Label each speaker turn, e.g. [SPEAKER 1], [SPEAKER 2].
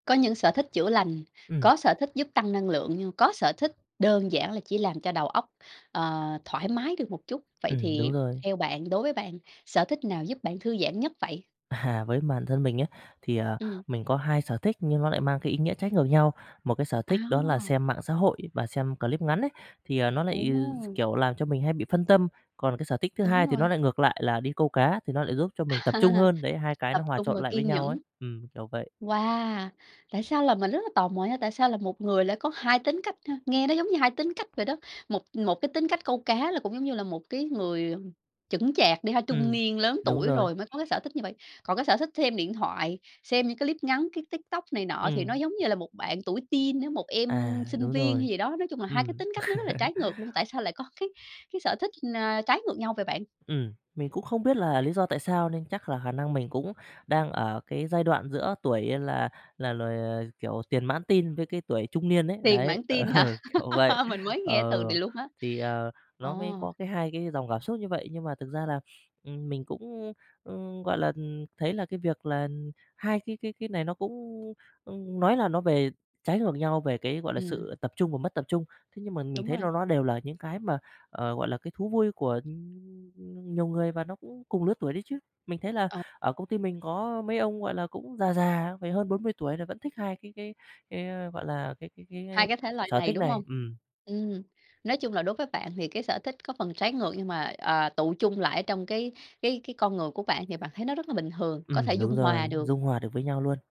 [SPEAKER 1] Có những sở thích chữa lành,
[SPEAKER 2] Ừm.
[SPEAKER 1] có sở thích giúp tăng năng lượng, nhưng có sở thích đơn giản là chỉ làm cho đầu óc, ờ, thoải mái được một chút. Vậy
[SPEAKER 2] Ừm,
[SPEAKER 1] thì
[SPEAKER 2] đúng rồi.
[SPEAKER 1] theo bạn, đối với bạn, sở thích nào giúp bạn thư giãn nhất vậy?
[SPEAKER 2] À ha, với bản thân mình ấy thì, à,
[SPEAKER 1] Ừm.
[SPEAKER 2] mình có 2 sở thích nhưng nó lại mang cái ý nghĩa trái ngược nhau. Một cái sở thích đó là
[SPEAKER 1] À.
[SPEAKER 2] xem mạng xã hội và xem clip ngắn ấy, thì, à, nó lại, ừ, d
[SPEAKER 1] Ồ!
[SPEAKER 2] kiểu, làm cho mình hay bị phân tâm. Còn cái sở thích thứ
[SPEAKER 1] Đúng
[SPEAKER 2] hai thì nó
[SPEAKER 1] rồi.
[SPEAKER 2] lại ngược lại là đi câu cá thì nó lại giúp cho mình tập trung hơn, đấy, hai cái
[SPEAKER 1] Tập
[SPEAKER 2] nó hòa
[SPEAKER 1] trung
[SPEAKER 2] trộn
[SPEAKER 1] và
[SPEAKER 2] lại với
[SPEAKER 1] kiên
[SPEAKER 2] nhau ấy,
[SPEAKER 1] nhẫn.
[SPEAKER 2] ừm, kiểu vậy.
[SPEAKER 1] Wow! Tại sao là mình rất là tò mò nha, tại sao là một người lại có 2 tính cách ha? Nghe nó giống như 2 tính cách vậy đó. Một một cái tính cách câu cá là cũng giống như là một cái người, ừm, chững chạc đi ha, trung
[SPEAKER 2] Ừm,
[SPEAKER 1] niên lớn
[SPEAKER 2] đúng
[SPEAKER 1] tuổi
[SPEAKER 2] rồi.
[SPEAKER 1] rồi mới có cái sở thích như vậy. Còn cái sở thích xem điện thoại, xem những cái clip ngắn, cái TikTok này nọ thì nó
[SPEAKER 2] Ừm.
[SPEAKER 1] giống như là một bạn tuổi teen á, một em
[SPEAKER 2] À,
[SPEAKER 1] sinh
[SPEAKER 2] đúng
[SPEAKER 1] viên hay
[SPEAKER 2] rồi.
[SPEAKER 1] gì đó, nói chung là 2 cái
[SPEAKER 2] Ừm.
[SPEAKER 1] tính cách nó rất là trái ngược luôn. Tại sao lại có cái cái sở thích, a, trái ngược nhau vậy bạn?
[SPEAKER 2] Ừm, mình cũng không biết là lý do tại sao nên chắc là khả năng mình cũng đang ở cái giai đoạn giữa tuổi là là loài ờ, kiểu, tiền mãn teen với cái tuổi trung niên ấy,
[SPEAKER 1] Tiền
[SPEAKER 2] đấy.
[SPEAKER 1] mãn
[SPEAKER 2] Ờ,
[SPEAKER 1] teen hả?
[SPEAKER 2] kiểu vậy.
[SPEAKER 1] Mình mới nghe
[SPEAKER 2] Ờ,
[SPEAKER 1] từ này luôn á.
[SPEAKER 2] thì, ờ,
[SPEAKER 1] Ờ.
[SPEAKER 2] nó mới có cái hai cái dòng cảm xúc như vậy, nhưng mà thực ra là, ừm, mình cũng, ưm, ưm, gọi là, ừm, thấy là cái việc là 2 cái cái cái này nó cũng, ưm, ưm, nói là nó về trái ngược nhau về cái, gọi là,
[SPEAKER 1] Ừm.
[SPEAKER 2] sự tập trung và mất tập trung. Thế nhưng mà mình
[SPEAKER 1] Đúng
[SPEAKER 2] thấy
[SPEAKER 1] rồi.
[SPEAKER 2] ló ló đều là những cái mà, ờ, gọi là, cái thú vui của, ưm, nhiều người và nó cũng cùng lứa tuổi đấy chứ. Mình thấy là
[SPEAKER 1] Ờ.
[SPEAKER 2] ở công ty mình có mấy ông, gọi là, cũng già già, phải hơn 40 tuổi rồi vẫn thích 2 cái cái cái á, gọi là, cái cái cái
[SPEAKER 1] 2
[SPEAKER 2] s
[SPEAKER 1] cái thể loại
[SPEAKER 2] sở
[SPEAKER 1] này,
[SPEAKER 2] thích
[SPEAKER 1] đúng hông?
[SPEAKER 2] này. Ừm.
[SPEAKER 1] Ừm, nói chung là đối với bạn thì cái sở thích có phần trái ngược nhưng mà, ờ, tựu chung lại ở trong cái cái cái con người của bạn thì bạn thấy nó rất là bình thường, có thể
[SPEAKER 2] Ừm, đúng
[SPEAKER 1] dung hòa
[SPEAKER 2] rồi,
[SPEAKER 1] được.
[SPEAKER 2] dung hòa được với nhau luôn.